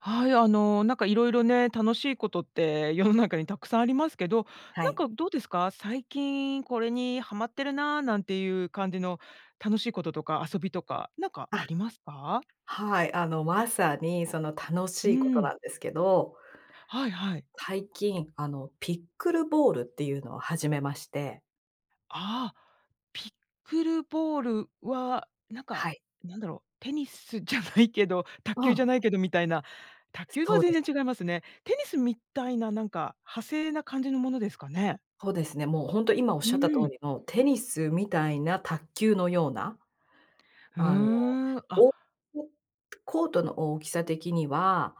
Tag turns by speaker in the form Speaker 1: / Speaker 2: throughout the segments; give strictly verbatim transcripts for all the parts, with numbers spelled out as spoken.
Speaker 1: はい、あの、なんか色々ね、楽しいことって世の中に沢山ありますけど、
Speaker 2: は
Speaker 1: なん
Speaker 2: い。
Speaker 1: かどうですか？最近これにハマってるな、なんていう感じの楽しいこととか遊びとか、なんか
Speaker 2: あ、
Speaker 1: ありますか？
Speaker 2: はい、あのまさにその楽し
Speaker 1: う
Speaker 2: いことな
Speaker 1: ん。
Speaker 2: んですけど、
Speaker 1: はいはい。
Speaker 2: 最近、あの、ピックルボールっていうのを始めまして。
Speaker 1: ああ、ピックルボールは、なんか、
Speaker 2: はい。
Speaker 1: なんだろう、テニスじゃないけど、卓
Speaker 2: う
Speaker 1: 球じ
Speaker 2: ん。
Speaker 1: ゃないけどみたいな、卓球は
Speaker 2: そうで
Speaker 1: 全
Speaker 2: す。
Speaker 1: 然違いますね。テニスみたいな、なんか、派生な感じのものですかね。
Speaker 2: ほうですね、もうほんと今
Speaker 1: う
Speaker 2: 仰った通
Speaker 1: ん。
Speaker 2: りの、テニスみたいな卓球のような。
Speaker 1: ふ
Speaker 2: あの、
Speaker 1: ーん。あ。
Speaker 2: おお、コートの大きさ的には、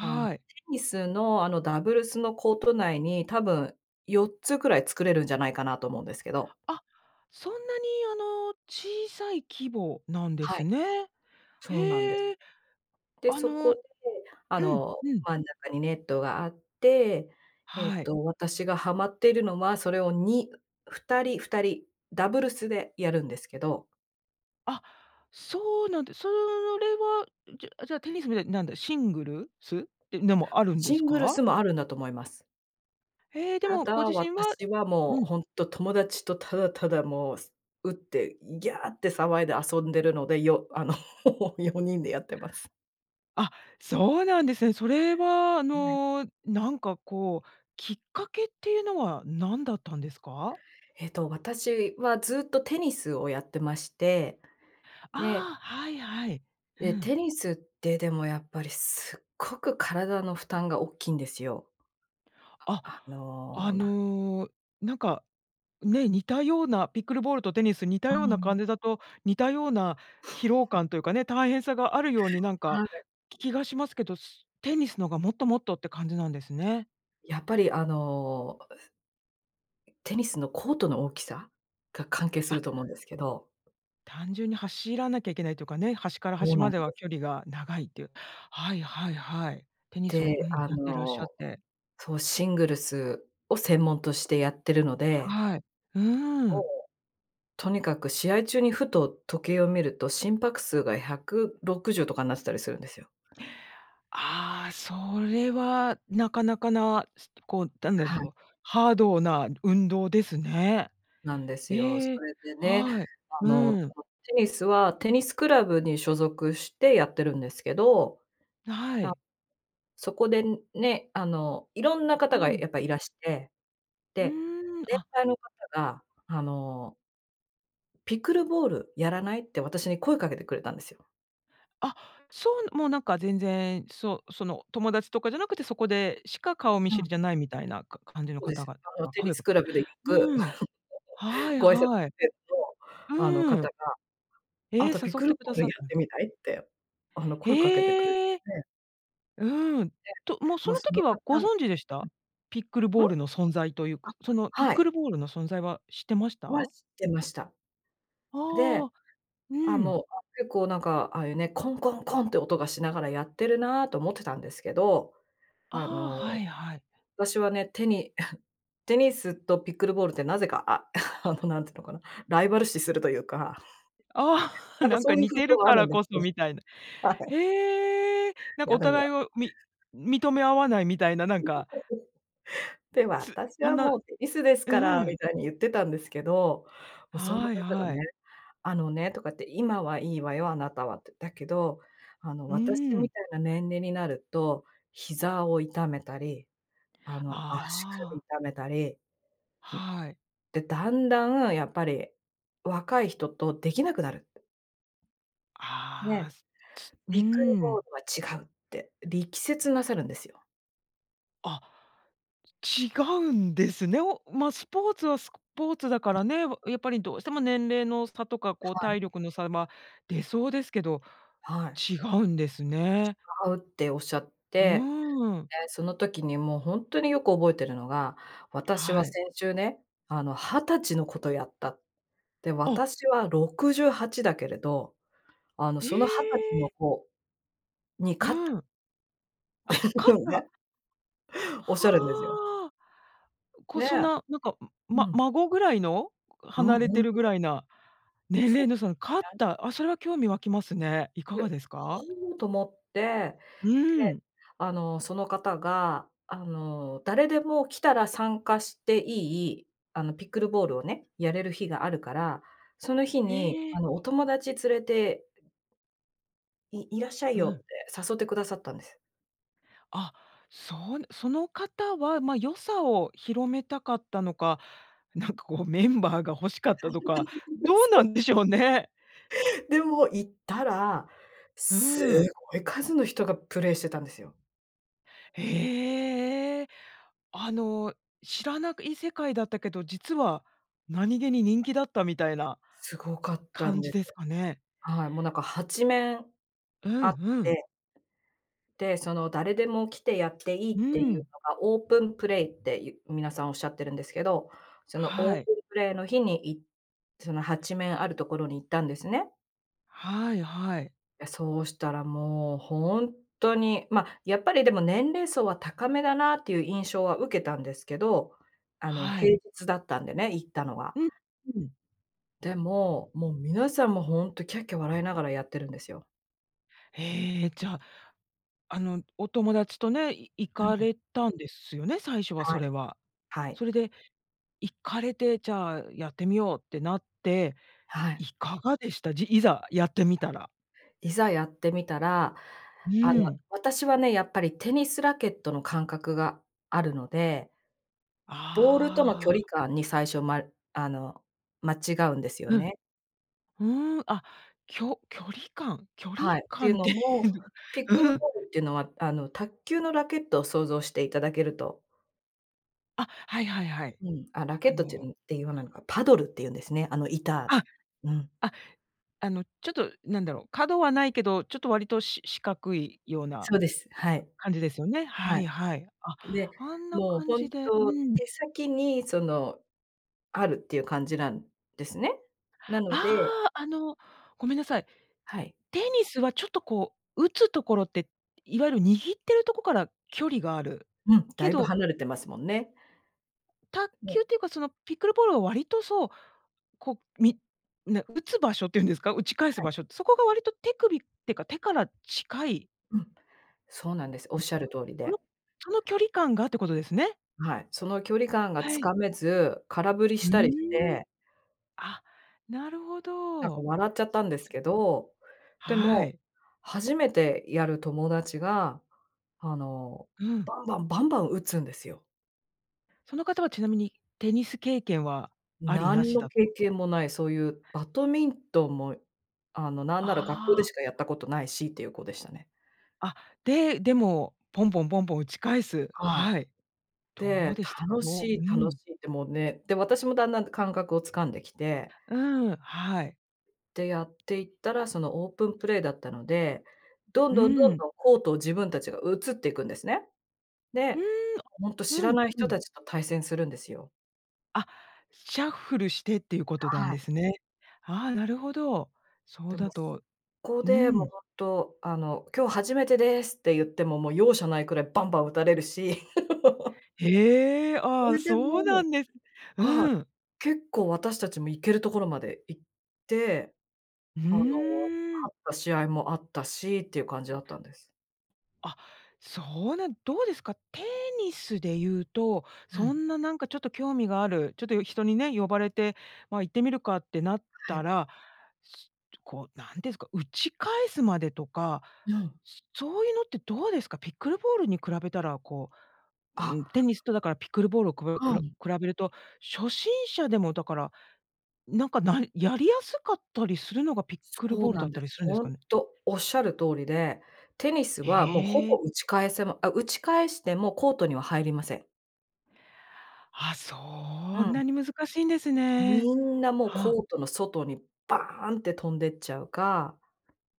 Speaker 2: あん、テ
Speaker 1: い。
Speaker 2: ニスのあの、ダブルスのコート内に多分、よっつくらい作れるんじゃないかなと思うんですけど。
Speaker 1: あ、そんなにあの小さい規模なんで
Speaker 2: は
Speaker 1: す
Speaker 2: い。
Speaker 1: ね。
Speaker 2: そうなんです。
Speaker 1: へえ。
Speaker 2: で、
Speaker 1: あ
Speaker 2: そ
Speaker 1: の
Speaker 2: こ
Speaker 1: う
Speaker 2: で、あ
Speaker 1: ん、
Speaker 2: の、
Speaker 1: うん。
Speaker 2: 真ん中にネットがあって、えっ
Speaker 1: はい。
Speaker 2: と私がハマっているのは、それをにふたり、ふたり、ダブルスでやるんですけど。
Speaker 1: あ、そうなんでそれは、じゃじゃ、テニスみたいな、なんだ、シングルスででもあるんで
Speaker 2: シ
Speaker 1: す
Speaker 2: ングル
Speaker 1: か？
Speaker 2: スも、あるんだと思います。
Speaker 1: へえ。で
Speaker 2: た
Speaker 1: も、ご
Speaker 2: だ
Speaker 1: 自身は
Speaker 2: 私はも
Speaker 1: う
Speaker 2: う、
Speaker 1: ん。
Speaker 2: ほんと、友達とただただもう、す打って、ギャーって騒いで遊んでるので。よあの、よにんでやってます。
Speaker 1: あ、そうなんですね。それは、あ
Speaker 2: うん。
Speaker 1: の。なんかこう、きっかけっていうのは、何だったんですか？
Speaker 2: えと、私はずっとテニスをやってまして。で。
Speaker 1: ああ、はい、はい。う
Speaker 2: で、
Speaker 1: ん。
Speaker 2: テニスって、でもやっぱり、すっごく体の負担がおっきんですよ。
Speaker 1: あ。
Speaker 2: あ、あ
Speaker 1: あ
Speaker 2: の、な
Speaker 1: の、なんか、ね。似たような、ピックルボールとテニス。似た
Speaker 2: う
Speaker 1: ような
Speaker 2: ん。
Speaker 1: 感じだと、似たような疲労 感というかね、大変さがあるように、なんか、
Speaker 2: はい。
Speaker 1: 気がしますけど、すテニスのが、もっともっとって感じなんですね。
Speaker 2: やっぱりあのテニスのコートの大きさが、関係す
Speaker 1: あ。
Speaker 2: ると思うんですけど。
Speaker 1: 単純に、走らなきゃいけないというかね。端から
Speaker 2: ほう
Speaker 1: 端
Speaker 2: な
Speaker 1: ま
Speaker 2: ん
Speaker 1: で
Speaker 2: で。
Speaker 1: は、距離が長いっていう。はい、はい、はい。テニスをう
Speaker 2: で、
Speaker 1: ん。
Speaker 2: あ
Speaker 1: やってらっしゃっ
Speaker 2: の
Speaker 1: て。
Speaker 2: そう。シングルスを専門としてやってるので
Speaker 1: はい。う
Speaker 2: も
Speaker 1: ん。
Speaker 2: う、とにかく試合中にふと時計を見ると、心拍数がひゃくろくじゅうとかになってたりするんですよ。
Speaker 1: ああ。それは、なかなかな、すこう、だんだ
Speaker 2: は
Speaker 1: ろ
Speaker 2: い。
Speaker 1: う。ハードな運動ですね。
Speaker 2: なんですよ。そ
Speaker 1: ええ、
Speaker 2: れでね、
Speaker 1: はい。
Speaker 2: あの、
Speaker 1: うん。
Speaker 2: そのテニスは、テニスクラブに所属してやってるんですけど。
Speaker 1: は い。
Speaker 2: そこでね、あの、いろんな方
Speaker 1: う
Speaker 2: がや
Speaker 1: ん。
Speaker 2: っぱりいらして。
Speaker 1: う
Speaker 2: で、
Speaker 1: ーん。
Speaker 2: 年
Speaker 1: あ
Speaker 2: 配の方があの「ピクルボールやらない？」って、私に声かけてくれたんですよ。
Speaker 1: あ、そう、もうなんか全然、そう、その、友達とかじゃなくて、そこでしか顔見
Speaker 2: う
Speaker 1: 知
Speaker 2: ん。
Speaker 1: りじゃないみたいなか感じの
Speaker 2: そうで
Speaker 1: 方
Speaker 2: す。
Speaker 1: 々
Speaker 2: あの
Speaker 1: が
Speaker 2: テニ
Speaker 1: 声を
Speaker 2: ス
Speaker 1: か
Speaker 2: ク
Speaker 1: けて
Speaker 2: ラブでよく、
Speaker 1: うん、は い
Speaker 2: ご挨拶
Speaker 1: はい。
Speaker 2: あの
Speaker 1: う
Speaker 2: 方
Speaker 1: ん。
Speaker 2: が、「あ
Speaker 1: ええ、
Speaker 2: な
Speaker 1: 誘
Speaker 2: た、ピッ
Speaker 1: っ
Speaker 2: クル
Speaker 1: て
Speaker 2: ボ
Speaker 1: くだ
Speaker 2: ール
Speaker 1: さ
Speaker 2: や
Speaker 1: っ
Speaker 2: っ
Speaker 1: た。
Speaker 2: てみない？」って、あの声かけてくれ
Speaker 1: へえ。
Speaker 2: て。
Speaker 1: うーん。
Speaker 2: で、
Speaker 1: と、もうそ
Speaker 2: もう
Speaker 1: の
Speaker 2: その
Speaker 1: 時
Speaker 2: 方
Speaker 1: は
Speaker 2: う
Speaker 1: ご
Speaker 2: ん。
Speaker 1: 存知でした？ピックル
Speaker 2: うん？
Speaker 1: ボールの存在というか、その
Speaker 2: あ、
Speaker 1: ピッ
Speaker 2: はい。
Speaker 1: クルボールの存在は知ってまし
Speaker 2: は、知
Speaker 1: た？
Speaker 2: ってました。で、
Speaker 1: ああ、う
Speaker 2: あ、
Speaker 1: ん。
Speaker 2: もう 結構なんか、ああいうね、コンコンコンって音がしながらやってるなと思ってたんですけど。
Speaker 1: あ
Speaker 2: あ
Speaker 1: あ、
Speaker 2: の、
Speaker 1: はいはい。
Speaker 2: 私はね、テニ テニスとピッグルボールってなぜか、あ、あのなんていうのかな、ライバル視するというか。
Speaker 1: ああ、
Speaker 2: なん か
Speaker 1: なん
Speaker 2: そ
Speaker 1: か
Speaker 2: ういう
Speaker 1: 似
Speaker 2: 風
Speaker 1: て
Speaker 2: 潮
Speaker 1: る
Speaker 2: があ
Speaker 1: か
Speaker 2: るん
Speaker 1: ら
Speaker 2: です
Speaker 1: こそ
Speaker 2: よ。
Speaker 1: みたいな。
Speaker 2: はい。
Speaker 1: へえ。なん
Speaker 2: い
Speaker 1: か
Speaker 2: や
Speaker 1: お
Speaker 2: でも
Speaker 1: 互いをみ認め合わないみたいななんか
Speaker 2: で
Speaker 1: つ
Speaker 2: 「私
Speaker 1: あん
Speaker 2: は
Speaker 1: な、う
Speaker 2: もうテニスですから」
Speaker 1: う
Speaker 2: み
Speaker 1: ん。
Speaker 2: たいに言ってたんですけど、もうその
Speaker 1: はい
Speaker 2: 方が
Speaker 1: は
Speaker 2: ね、
Speaker 1: い。
Speaker 2: 「あのね」とかって、「今はいいわよ、あなたは」って。「だけど、あの
Speaker 1: う
Speaker 2: 私み
Speaker 1: ん。
Speaker 2: たいな年齢になると、膝を痛めたり、あの足
Speaker 1: あ
Speaker 2: 首
Speaker 1: あ。
Speaker 2: 痛めたり」うん。
Speaker 1: はい。
Speaker 2: で、「だんだんやっぱり、若い人と出来なくなる」って。
Speaker 1: あ
Speaker 2: ね、
Speaker 1: あ、すつう
Speaker 2: ピックルボ
Speaker 1: ん。
Speaker 2: ールは違うって、力説なさるんですよ。
Speaker 1: あ、違うんですね。おま、スポーツはスコポーツだか
Speaker 2: うん。
Speaker 1: らね、わ、やっぱりどうしても年齢の差とか、こう
Speaker 2: はい。
Speaker 1: 体力の差るま出そうですけど、
Speaker 2: はい。
Speaker 1: 違うんですね。
Speaker 2: 違うっておっしゃって、
Speaker 1: うん。
Speaker 2: で、その時にもうほんとによく覚えてるのが「私は
Speaker 1: はい。
Speaker 2: 先週ね、あのはたちの子とやった。で、
Speaker 1: あ。
Speaker 2: 私はろくじゅうはちだけれど、あの、
Speaker 1: え
Speaker 2: そのはたちの
Speaker 1: え！
Speaker 2: 子に
Speaker 1: う
Speaker 2: 勝った」
Speaker 1: ん。あ、
Speaker 2: ひ
Speaker 1: 勝
Speaker 2: ょ
Speaker 1: っ
Speaker 2: んね。
Speaker 1: た。
Speaker 2: おっしゃるんですよ。
Speaker 1: はあ。こう、
Speaker 2: ね。
Speaker 1: そんな、なんか、ん
Speaker 2: う
Speaker 1: ま
Speaker 2: ん。
Speaker 1: 孫ぐらいの、
Speaker 2: う
Speaker 1: 離
Speaker 2: ん、
Speaker 1: れて
Speaker 2: 本
Speaker 1: るぐ
Speaker 2: 当。
Speaker 1: らいな、年
Speaker 2: そう
Speaker 1: 齢のその勝っ
Speaker 2: で、ね。
Speaker 1: た、あ、それは興味湧きますね。いか
Speaker 2: で
Speaker 1: がですか？
Speaker 2: 「ほお！」と思って、
Speaker 1: う
Speaker 2: で、
Speaker 1: ん。
Speaker 2: あの、その方が、あの、誰でも来たら参加していい、あの、ピックルボールをね、やれる日があるから、その日に、
Speaker 1: へえ。
Speaker 2: あの、お友達連れていいらっしゃい
Speaker 1: うん。
Speaker 2: よって誘ってくださったんです。
Speaker 1: あ、そう。その方は、ま、良さを広めたかったのか、なんかこうメンバーが欲しかったとか、どう
Speaker 2: そ
Speaker 1: な
Speaker 2: う。
Speaker 1: んでしょうね。
Speaker 2: でも行ったら、
Speaker 1: う
Speaker 2: す
Speaker 1: ん。
Speaker 2: ごい数の人がプレイしてたんですよ。
Speaker 1: へえ、あの知らなくい世界だったけど、実は何気に人気だったみたいな
Speaker 2: すごかったん
Speaker 1: 感
Speaker 2: で
Speaker 1: じ
Speaker 2: す。
Speaker 1: ですかね？
Speaker 2: はい、もうなんかはちめん
Speaker 1: うん、
Speaker 2: あっ
Speaker 1: うん。
Speaker 2: てで、その誰でも来てやっていいっ
Speaker 1: う
Speaker 2: ていう
Speaker 1: ん。
Speaker 2: のが、オープンプレイって言皆さんおっしゃってるんですけど、その
Speaker 1: は
Speaker 2: オー
Speaker 1: い。
Speaker 2: プンプレイの日にいそのはちめんあるところに行ったんですね。
Speaker 1: はい、はい。
Speaker 2: いや、そうしたらもうほんとに、ま、やっぱりでも年齢層は高めだなっていう印象は受けたんですけど、あの
Speaker 1: は
Speaker 2: 平
Speaker 1: い。
Speaker 2: 日だったんでね、行ったのは。
Speaker 1: う、うん。
Speaker 2: でも、もう皆さん、もうほんとキャッキャ笑いながらやってるんですよ。
Speaker 1: へえ、じゃあ、あのお友達とね、い行
Speaker 2: あ、う
Speaker 1: か
Speaker 2: ん。
Speaker 1: れたんですよね？最初は
Speaker 2: は
Speaker 1: そ
Speaker 2: い。
Speaker 1: れは。
Speaker 2: はい。
Speaker 1: それで、行かれて、じゃあやってみようってなって、
Speaker 2: は
Speaker 1: い
Speaker 2: い。
Speaker 1: かがでした？じいざやってみたら。
Speaker 2: いざやってみたら、あ
Speaker 1: う
Speaker 2: の
Speaker 1: ん。
Speaker 2: 私はね、やっぱりテニスラケットの感覚があるので、ボールとの
Speaker 1: あ
Speaker 2: 距離
Speaker 1: あ。
Speaker 2: 感に最初、まあの、間違うんですよ
Speaker 1: うん、
Speaker 2: ね。
Speaker 1: うーん、あ、きょ距離感？距離
Speaker 2: はい、てい
Speaker 1: 感
Speaker 2: う
Speaker 1: って
Speaker 2: の
Speaker 1: いう
Speaker 2: も、ピックル
Speaker 1: う
Speaker 2: ボ
Speaker 1: ん。
Speaker 2: ールっていうのは、あの卓球のラケットを想像していただけると。
Speaker 1: あ、はいはいはい。
Speaker 2: うん、あ、ラケ
Speaker 1: あ
Speaker 2: ットて
Speaker 1: の。
Speaker 2: んて、言わないのか、パドルって言うんですね、あの板、
Speaker 1: あ、
Speaker 2: うん。
Speaker 1: あ、あのちょっと何だろう、角はないけど、ちょっと割とし四角いような
Speaker 2: そうです。はい。
Speaker 1: 感じですよね？は
Speaker 2: はい。
Speaker 1: いはい。あ、
Speaker 2: で、
Speaker 1: あんな
Speaker 2: もう
Speaker 1: 感
Speaker 2: 本
Speaker 1: じで、
Speaker 2: 当
Speaker 1: うん。
Speaker 2: 手先にそのあるっていう感じなんですね。な
Speaker 1: あ
Speaker 2: ので
Speaker 1: あ、あの、ごめんなさい。
Speaker 2: はい。
Speaker 1: テニスはちょっとこう打つところって、いわゆる握ってるところから距離がある
Speaker 2: うん、だ
Speaker 1: け
Speaker 2: いぶ
Speaker 1: ど
Speaker 2: 離れてますもんね。
Speaker 1: 卓球
Speaker 2: ね。
Speaker 1: っていうか、そのピックルボールは割とそう、こう、みな打つ場所っていうんですか、打ち返す
Speaker 2: はい。
Speaker 1: 場所って、そこが割と手首ってか、手から近い？
Speaker 2: うん、そうなんです。おっしゃ る通り
Speaker 1: その
Speaker 2: で。
Speaker 1: その距離感がってことですね。
Speaker 2: はい、その距離感が
Speaker 1: は
Speaker 2: つ
Speaker 1: い。
Speaker 2: かめず、空振り
Speaker 1: う
Speaker 2: したりし
Speaker 1: ーん。
Speaker 2: て
Speaker 1: あ、なるほ
Speaker 2: なん
Speaker 1: ど。
Speaker 2: か笑っちゃった
Speaker 1: そ
Speaker 2: ん
Speaker 1: っ
Speaker 2: で
Speaker 1: か
Speaker 2: す
Speaker 1: そっ
Speaker 2: け
Speaker 1: か。
Speaker 2: ど、で
Speaker 1: は
Speaker 2: も、
Speaker 1: い。
Speaker 2: 初めてやる友達が、あの
Speaker 1: うん。
Speaker 2: バンバンバンバン打つんですよ。
Speaker 1: その方はちなみに、テニス経験はありな
Speaker 2: 何
Speaker 1: し
Speaker 2: の
Speaker 1: だ
Speaker 2: 経
Speaker 1: と。
Speaker 2: 験もない、そういうバドミントンも、あの、なんなら学校で
Speaker 1: あ
Speaker 2: し
Speaker 1: あ。
Speaker 2: かやったことないしっていう子でしたね。
Speaker 1: あ、で、でも、ポンポンポンポン打ち返す。
Speaker 2: はい。
Speaker 1: はい。どう
Speaker 2: で
Speaker 1: でしたか？
Speaker 2: 「楽
Speaker 1: ど
Speaker 2: し
Speaker 1: う
Speaker 2: い、
Speaker 1: う
Speaker 2: 楽
Speaker 1: ん。
Speaker 2: しい」ってもうね、で、私もだんだん感覚をつかんできて
Speaker 1: うん、はい。
Speaker 2: で、やっていったら、そのオープンプレイだったので、どん
Speaker 1: う
Speaker 2: どんどん
Speaker 1: ん。
Speaker 2: どんコートを自分たちが移っていくんですね。
Speaker 1: うー
Speaker 2: で、
Speaker 1: ん、
Speaker 2: ほんと知
Speaker 1: う
Speaker 2: ら
Speaker 1: ん、
Speaker 2: ない
Speaker 1: う
Speaker 2: 人
Speaker 1: ん
Speaker 2: たちと対戦するんですよ。
Speaker 1: あ、シャッフルしてっていうことなん
Speaker 2: はい。
Speaker 1: ですね。ああ、なるほど。そ
Speaker 2: で
Speaker 1: う
Speaker 2: も、
Speaker 1: だ
Speaker 2: そ
Speaker 1: と
Speaker 2: こ
Speaker 1: う
Speaker 2: でもう
Speaker 1: ん。
Speaker 2: ほんと、あの、今日初めてですって言っても、もう容赦ないくらいバンバン打たれるし。
Speaker 1: へえ、あ
Speaker 2: そ
Speaker 1: あ、
Speaker 2: れで
Speaker 1: そうな
Speaker 2: も
Speaker 1: んです。
Speaker 2: はい。
Speaker 1: うん。
Speaker 2: 結構私たちも行けるところまで行って、
Speaker 1: う
Speaker 2: あの
Speaker 1: ーん。
Speaker 2: 勝った試合もあったしっていう感じだったんです。
Speaker 1: あ。そうなん、どうですか？テニスで言うと、
Speaker 2: う
Speaker 1: そ
Speaker 2: ん。
Speaker 1: んななんかちょっと興味がある、ちょっと人にね、呼ばれて、ま、行ってみるかってなっ
Speaker 2: は
Speaker 1: た
Speaker 2: い。
Speaker 1: ら、すこう、何て言うんですか、打ち返すまでとか、
Speaker 2: ぬん。
Speaker 1: すそういうのってどうですか？ピックルボールに比べたら、こううん、
Speaker 2: あ。
Speaker 1: テニスとだからピックルボールをく
Speaker 2: ふ
Speaker 1: くら
Speaker 2: ん。
Speaker 1: 比べると、初心者でもだから、なんか、なやりやすかったりするのがピックル
Speaker 2: そ
Speaker 1: ボ
Speaker 2: う
Speaker 1: ール
Speaker 2: な
Speaker 1: だ
Speaker 2: ん
Speaker 1: っ
Speaker 2: で
Speaker 1: た
Speaker 2: す。
Speaker 1: りするんです
Speaker 2: ほ
Speaker 1: か
Speaker 2: ん
Speaker 1: ね。
Speaker 2: と、おっしゃる通りで、テニス
Speaker 1: へ
Speaker 2: はもうほぼ
Speaker 1: え。
Speaker 2: 打ち返せまあ、打ち返してもコートには入りません。
Speaker 1: あ、
Speaker 2: う
Speaker 1: そん
Speaker 2: ん。
Speaker 1: なに難しいんですね。
Speaker 2: みんな、もう
Speaker 1: はあ。
Speaker 2: コートの外にバーンって飛んでっちゃうか。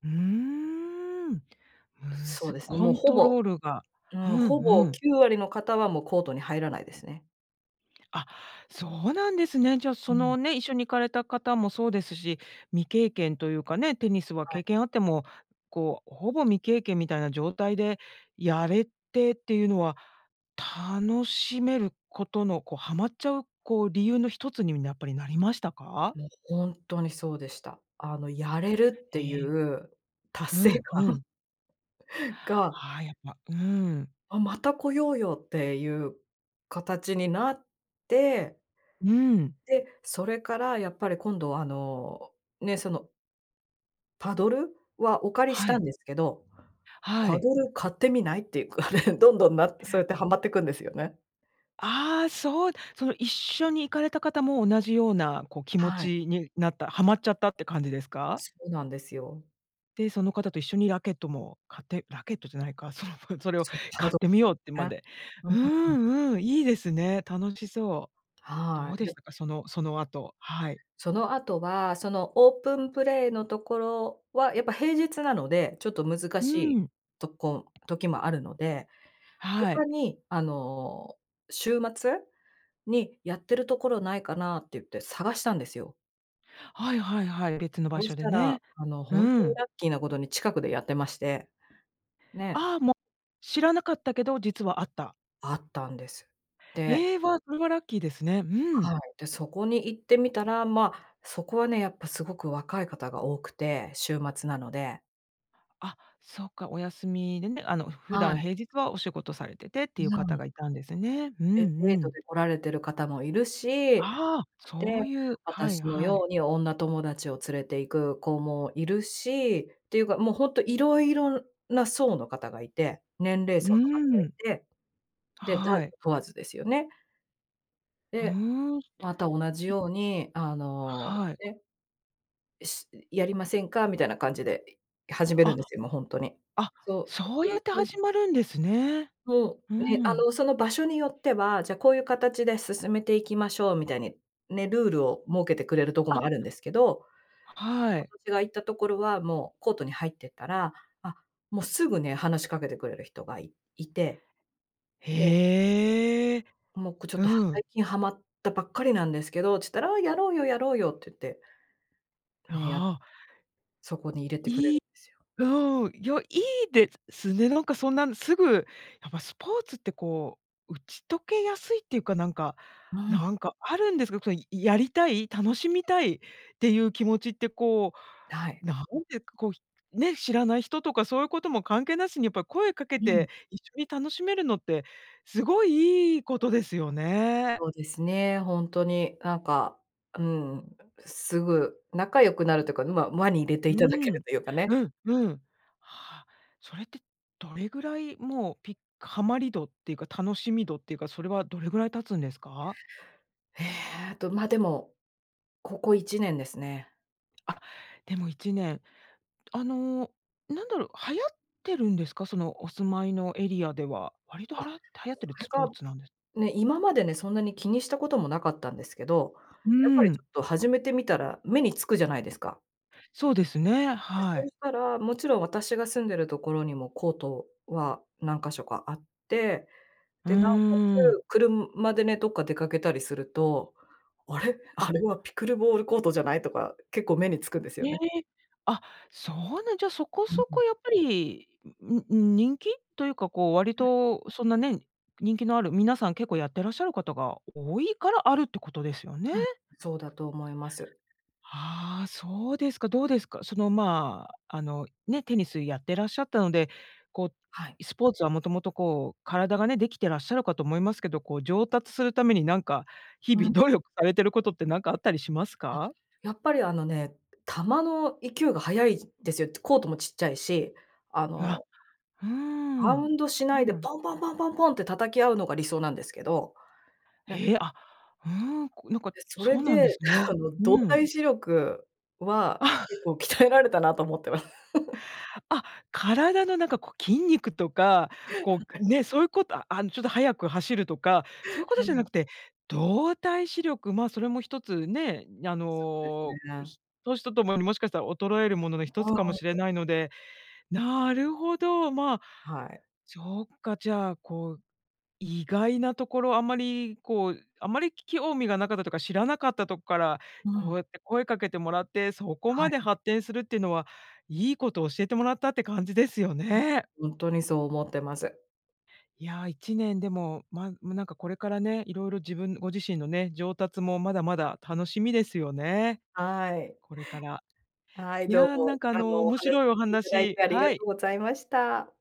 Speaker 1: ふーん、む
Speaker 2: そう
Speaker 1: ず
Speaker 2: ですね、
Speaker 1: コ
Speaker 2: もう
Speaker 1: ン
Speaker 2: ほ
Speaker 1: ト
Speaker 2: ぼ
Speaker 1: ロールが
Speaker 2: う
Speaker 1: ふ
Speaker 2: ん、
Speaker 1: ん、
Speaker 2: ほ
Speaker 1: う
Speaker 2: ぼ
Speaker 1: ん。
Speaker 2: 九割の方はもうコートに入らないですね。
Speaker 1: あ、そうなんですね。じゃあ、
Speaker 2: う
Speaker 1: その、
Speaker 2: ん。
Speaker 1: ね、一緒に行かれた方もそうですし、未経験というかね、テニスは
Speaker 2: はい。
Speaker 1: 経験あっても、こう、ほぼ未経験みたいな状態で、やれてっていうのは、楽しめることの、こうハマっちゃう、こう理由の一つにゃっぱりなりましたか？
Speaker 2: もうほんとにそうでした。あの、やれるって
Speaker 1: え
Speaker 2: い
Speaker 1: え。
Speaker 2: う達
Speaker 1: う
Speaker 2: 成
Speaker 1: んう
Speaker 2: 感
Speaker 1: ん。
Speaker 2: が
Speaker 1: ああ、やっぱうん。
Speaker 2: 「あ、また来ようよ」っていう形になって
Speaker 1: うん。
Speaker 2: で、それからやっぱり今度あの、ね、そのパドル？はお借りし
Speaker 1: は
Speaker 2: た
Speaker 1: い。
Speaker 2: んですけど、
Speaker 1: は
Speaker 2: パ
Speaker 1: い。
Speaker 2: ドル買ってみない？っていうかね、どんどんなそ
Speaker 1: や
Speaker 2: うやってハマっていくんですよね。
Speaker 1: ああ、そうその一緒に行かれた方も同じようなこう気持
Speaker 2: はい。
Speaker 1: ちになった、ハマっちゃったって感じですか？
Speaker 2: そうなんですよ。
Speaker 1: で、その方と一緒にラケットも買って、ラケットじゃないか、そのそれを
Speaker 2: そう、パ
Speaker 1: 買
Speaker 2: ド
Speaker 1: ってみようってま
Speaker 2: ね。
Speaker 1: で、
Speaker 2: う
Speaker 1: う
Speaker 2: ん。
Speaker 1: ーんうーん、いいですね。楽しそう。ど
Speaker 2: は
Speaker 1: う
Speaker 2: い。
Speaker 1: で
Speaker 2: で
Speaker 1: したか？そのその後、はい。
Speaker 2: その後は、そのオープンプレイのところは、やっぱ平日なので、ちょっと難
Speaker 1: う
Speaker 2: しい
Speaker 1: ん。
Speaker 2: とこ時もあるので、
Speaker 1: は
Speaker 2: 他
Speaker 1: い。
Speaker 2: に、あの、週末？にやってるところないかなって言って探したんですよ。
Speaker 1: はいはいはい。別の場
Speaker 2: そし
Speaker 1: 所で
Speaker 2: た
Speaker 1: ね。
Speaker 2: ら、あの
Speaker 1: う
Speaker 2: ホントに
Speaker 1: ん。
Speaker 2: ラッキーなことに近くでやってまして。ね。
Speaker 1: ああ、もう、知らなかったけど、実はあった。
Speaker 2: あったんです。で
Speaker 1: へえ、わあ、それはラッキーですね。う
Speaker 2: は
Speaker 1: ん。
Speaker 2: い。で、そこに行ってみたら、ま、そこはねやっぱすごく若い方が多くて、週末なので。
Speaker 1: あ、そうか、お休みでね、あの普
Speaker 2: は
Speaker 1: 段
Speaker 2: い。
Speaker 1: 平日はお仕事されててっていう
Speaker 2: う
Speaker 1: 方
Speaker 2: ん。
Speaker 1: がいたんですね。うん
Speaker 2: で、デー
Speaker 1: う
Speaker 2: ト
Speaker 1: ん。
Speaker 2: で来られてる方もいるし、
Speaker 1: ああ、そ
Speaker 2: で、
Speaker 1: ういう、はい
Speaker 2: 私の
Speaker 1: は
Speaker 2: よ
Speaker 1: い。
Speaker 2: うに女友達を連れて行く子もいるし。ていうか、もうホント色々な層の方がいて年齢
Speaker 1: うー
Speaker 2: 層の方がい
Speaker 1: ん。
Speaker 2: て、で、男
Speaker 1: は
Speaker 2: 女
Speaker 1: い。
Speaker 2: 問わずですよね。
Speaker 1: ふ
Speaker 2: で、
Speaker 1: ーん。
Speaker 2: また同じ
Speaker 1: [unintelligible]
Speaker 2: ようにあの、
Speaker 1: はい。
Speaker 2: ね、え、し、う、やりませんか？みたいな感じで、い、始めるん
Speaker 1: あ、
Speaker 2: ですよもうホントに。
Speaker 1: あ、
Speaker 2: そう
Speaker 1: そう
Speaker 2: す
Speaker 1: や
Speaker 2: る
Speaker 1: って
Speaker 2: と
Speaker 1: 始まるんですね。
Speaker 2: そ
Speaker 1: う
Speaker 2: う。ね、あ
Speaker 1: ん。
Speaker 2: の、その場所によっては、じゃあこういう形で進めていきましょうみたいに、ね、ルールを設けてくれるとこ
Speaker 1: あ。
Speaker 2: もあるんですけど、
Speaker 1: はい。
Speaker 2: 私が行ったところは、もうコートに入ってったら、あ、もうすぐね、話しかけてくれる人がいいて、で
Speaker 1: へえ、
Speaker 2: もうここちょっ
Speaker 1: う
Speaker 2: と、ハ最
Speaker 1: ん。
Speaker 2: 近ハマったばっかりなんですけどっちゅったら、「ああやろうよやろうよ」って言って。ね、や、
Speaker 1: ああ。
Speaker 2: そこに入れて
Speaker 1: 良
Speaker 2: くれる
Speaker 1: い
Speaker 2: んですよ。
Speaker 1: うん、いや、良いですすね、なんかそんなすぐ。やっぱスポーツってこう、打ち解けやすいっていうかなんか、
Speaker 2: う
Speaker 1: な
Speaker 2: ん。
Speaker 1: んかあるんですか、そのやりたい楽しみたいっていう気持ちってこ
Speaker 2: え、はい。
Speaker 1: う、なんでこう、ひ、ね、知らない人とかそういうことも関係なしにやっぱ声かけ
Speaker 2: うん。
Speaker 1: て、一緒に楽しめるのって、すごい良いことですよね。
Speaker 2: そうですね、ホントになんか、うん、すぐ仲良くなるというか、ま、輪に入れて
Speaker 1: う
Speaker 2: いただけ
Speaker 1: ん。
Speaker 2: るというか
Speaker 1: う
Speaker 2: ね。
Speaker 1: ん、うん。はあ、それってどれぐらい、もう、ピハマり度っていうか、楽しみ度っていうか、それはどれぐらい経つんですか？
Speaker 2: ええと、ま、でも、ここいちねんですね。
Speaker 1: あ、でもいちねん、あの、なんだろう。流行ってるんですか？その、お住まいのエリアでは。割と
Speaker 2: あ、
Speaker 1: はら流行ってる
Speaker 2: [unintelligible]
Speaker 1: ツポ
Speaker 2: が
Speaker 1: ーツなんで
Speaker 2: ね。今までね、そんなに気にしたことも、なかったんですけど。
Speaker 1: う
Speaker 2: やっぱり
Speaker 1: ん。
Speaker 2: ちょっと始めてみたら、目につくじゃないですか。
Speaker 1: そうですね。
Speaker 2: で、
Speaker 1: は
Speaker 2: そう
Speaker 1: い。
Speaker 2: したらもちろん、私が住んでるところにも、コートは何か所かあって。
Speaker 1: う
Speaker 2: で、尚且
Speaker 1: ーん。
Speaker 2: つ車でね、どっか出掛けたりすると「あれ？
Speaker 1: あ。
Speaker 2: あれは、ピクルボールコートじゃない？」とか、結構目につくんですよ
Speaker 1: え
Speaker 2: ね。
Speaker 1: え。あ、そうなん、じゃあ、そこ
Speaker 2: う
Speaker 1: そ
Speaker 2: ん。
Speaker 1: こ、やっぱり。んんん、人気？というか。こう、割
Speaker 2: [unintelligible]
Speaker 1: とそんなね、人気のある、皆さん結構やってらっしゃる方が多いから、あるってことですよね。
Speaker 2: うん。そうだと思います。
Speaker 1: ああ、そうですか。どうですか、その、まあ、あのね、テニスやってらっしゃったので、こ
Speaker 2: はい。
Speaker 1: う、スポーツはもともとこう、体がね、できてらっしゃるかと思いますけど。こう、上達するためになんか、日
Speaker 2: う
Speaker 1: 々
Speaker 2: ん。
Speaker 1: 努力されてることって、なんかあったりします
Speaker 2: あ、
Speaker 1: か？
Speaker 2: やっぱり、あのね。球の勢いが速いですよ。コートもちっちゃいし。あ
Speaker 1: あ。
Speaker 2: の
Speaker 1: うー
Speaker 2: バ
Speaker 1: ん、
Speaker 2: ウンドしな
Speaker 1: そう
Speaker 2: いで、
Speaker 1: なん
Speaker 2: ポンポンポンポンポンって叩き合うのが、理想なんですけど。ね。
Speaker 1: へえ。あ、うん。こう、なんか
Speaker 2: で、そ
Speaker 1: そ
Speaker 2: れ
Speaker 1: うなんです
Speaker 2: で
Speaker 1: ね。
Speaker 2: あの、動
Speaker 1: うん。
Speaker 2: 体視力は
Speaker 1: あ。
Speaker 2: 結構、鍛えられたなと思ってま。
Speaker 1: あ、体のなんかこう、筋肉とかこう、
Speaker 2: は
Speaker 1: く
Speaker 2: い。
Speaker 1: ね。そういうこと、あ、あの、ちょっと速く走るとか、そういうこと
Speaker 2: は
Speaker 1: じゃな
Speaker 2: い。
Speaker 1: くて、動体視力。まあ、それも一つね。あ
Speaker 2: そうです
Speaker 1: の、
Speaker 2: ね。
Speaker 1: ひ年とともにもしかしたら、衰えるものの一
Speaker 2: あ
Speaker 1: つ
Speaker 2: あ、
Speaker 1: かもしれ
Speaker 2: うん。
Speaker 1: ないので。なるほど。まあ、
Speaker 2: はい。
Speaker 1: そっか。じゃあ、こう、意外なところ、あんまりこう、あんまり興味がなかったとか、知らなかったとこから、
Speaker 2: う
Speaker 1: こう
Speaker 2: ん。
Speaker 1: やって声かけてもらって、そこ
Speaker 2: は
Speaker 1: ま
Speaker 2: い。
Speaker 1: で発展するっていうのは、いいこと教えてもらったって感じですよ
Speaker 2: うん。
Speaker 1: ね。
Speaker 2: ほんとにそう思ってます。
Speaker 1: いや、いちねんでも、まんもうなんか、これからね。いろいろ自分ご自身のね、上達もまだまだ楽しみですよね。
Speaker 2: はい。
Speaker 1: これから。
Speaker 2: はい。
Speaker 1: い
Speaker 2: どう
Speaker 1: や、な
Speaker 2: も、
Speaker 1: んかあ
Speaker 2: あ
Speaker 1: の
Speaker 2: の、お
Speaker 1: 面
Speaker 2: 話
Speaker 1: 白いお
Speaker 2: 聞いていただい
Speaker 1: 話
Speaker 2: て、ありが
Speaker 1: はい。
Speaker 2: とうございました。